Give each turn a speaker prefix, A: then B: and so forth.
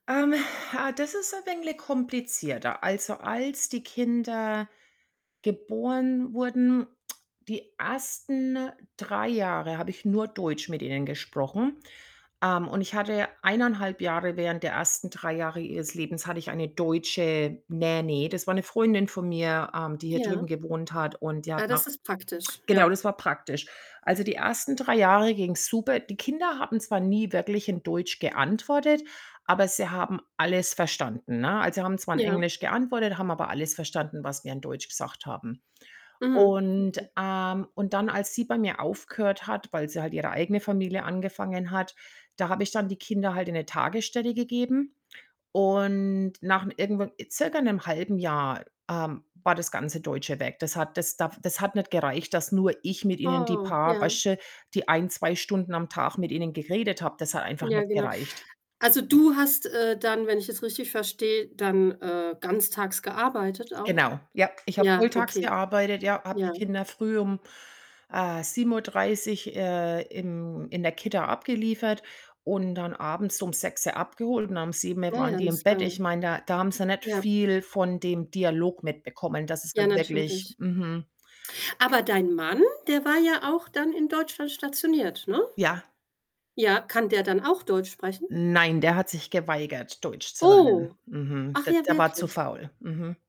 A: Ähm, äh, das ist ein wenig komplizierter. Also, als die Kinder geboren wurden, die 1. 3 Jahre habe ich nur Deutsch mit ihnen gesprochen, ähm, und ich hatte 1 1/2 Jahre während der 1. 3 Jahre ihres Lebens hatte ich eine deutsche Nanny. Das war 'ne Freundin von mir, ähm, die hier drüben
B: Ja.
A: gewohnt hat und die hat
B: Ah, das
A: nach
B: ist praktisch,
A: Genau,
B: ja.
A: das war praktisch. Also, die 1. 3 Jahre ging's super. Die Kinder haben zwar nie wirklich in Deutsch geantwortet, aber sie haben alles verstanden, ne? Also, haben zwar in
B: Ja.
A: Englisch geantwortet, haben aber alles verstanden, was wir in Deutsch gesagt haben.
B: Mhm,
A: Und,
B: okay.
A: ähm und dann, als sie bei mir aufgehört hat, weil sie halt ihre eigene Familie angefangen hat, da habe ich dann die Kinder halt in 'ne Tagesstelle gegeben. Und nach 'ne irgendwann äh, circa 'nem, 1/2 Jahr, ähm, war das ganze Deutsche weg. Das hat das da das hat nicht gereicht, dass nur ich mit ihnen die
B: Oh,
A: paar,
B: ja.
A: weißt du, die 1, 2 Stunden am Tag mit ihnen geredet habe. Das hat einfach
B: Ja,
A: nicht
B: genau.
A: gereicht.
B: Also, du hast, äh, dann, wenn ich es richtig verstehe, dann, äh, ganztags gearbeitet auch?
A: Genau, ja. Ich habe
B: Ja,
A: volltags
B: okay.
A: gearbeitet, ja, habe die
B: Ja.
A: Kinder früh um, äh, 7:30, äh, im in der Kita abgeliefert und dann abends um 6:00 abgeholt und um 7:00
B: Ja,
A: waren
B: ja,
A: die
B: das
A: im
B: ist
A: Bett. Ich
B: lange.
A: meine, da da haben sie nicht
B: Ja.
A: viel von dem Dialog mitbekommen. Das ist
B: Ja,
A: halt wirklich
B: natürlich.
A: mhm.
B: Aber dein Mann, der war ja auch dann in Deutschland stationiert, ne?
A: Ja.
B: Ja, kann der dann auch Deutsch sprechen?
A: Nein, der hat sich geweigert, Deutsch zu lernen.
B: Oh.
A: Mhm.
B: Ach
A: De
B: ja,
A: der war zu
B: wirklich?
A: faul, mhm.